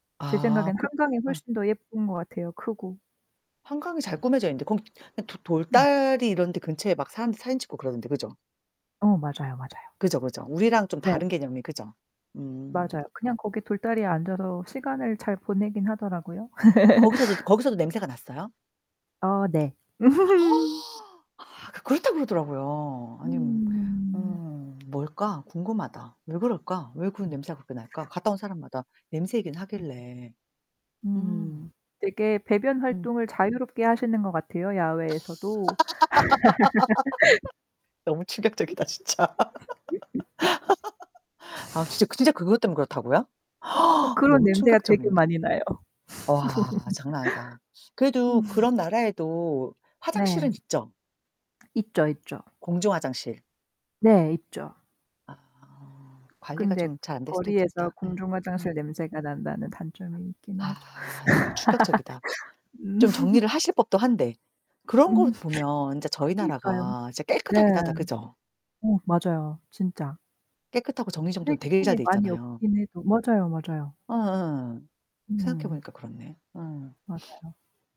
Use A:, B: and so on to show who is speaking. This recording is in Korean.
A: 제
B: 아
A: 생각에는
B: 그
A: 한강이
B: 예.
A: 훨씬 더 예쁜 것 같아요, 크고.
B: 한강이 잘 꾸며져 있는데 거기 도
A: 음.
B: 돌다리 이런 데 근처에 막 사람들 사진 찍고 그러던데, 그죠?
A: 어 맞아요, 맞아요.
B: 그죠, 그죠. 우리랑 좀
A: 네.
B: 다른 개념이 그죠? 음.
A: 맞아요. 그냥 거기 돌다리에 앉아서 시간을 잘 보내기는 하더라고요.
B: 거기서도 거기서도 냄새가 났어요?
A: 어 네.
B: 아 그렇다 그러더라고요. 아니 뭐
A: 음.
B: 음 뭘까? 궁금하다. 왜 그럴까? 왜 그 냄새가 그렇게 날까? 갔다 온 사람마다 냄새 얘기는 하길래. 음.
A: 음. 되게 배변
B: 음.
A: 활동을 자유롭게 하시는 것 같아요, 야외에서도.
B: 너무 충격적이다 진짜. 아 진짜 진짜 그것 때문에 그렇다고요?
A: 어 그런
B: 너무
A: 냄새가 되게
B: 충격적인데.
A: 많이 나요.
B: 와. 장난 아니다.
A: 음.
B: 그래도 그런 나라에도
A: 네.
B: 화장실은 있죠?
A: 있죠, 있죠.
B: 공중 화장실.
A: 네. 있죠.
B: 아. 관리가
A: 근데
B: 좀 잘 안될 수도
A: 거리에서
B: 있겠다. 예.
A: 공중
B: 예.
A: 화장실 냄새가 난다는 단점이 있기는 하죠.
B: 아 너무 충격적이다.
A: 음.
B: 좀 정리를 하실 법도 한데.
A: 음.
B: 그런 거 보면 인제 저희
A: 그러니까요.
B: 나라가 진짜
A: 네.
B: 깨끗하기는 하다. 그죠?
A: 어 맞아요, 진짜.
B: 깨끗하고 정리정돈 되게 잘
A: 쓰레기통이
B: 돼
A: 많이
B: 있잖아요.
A: 없기는 해도 맞아요, 맞아요.
B: 어 예. 생각해
A: 음.
B: 보니까 그렇네. 어.
A: 맞아요.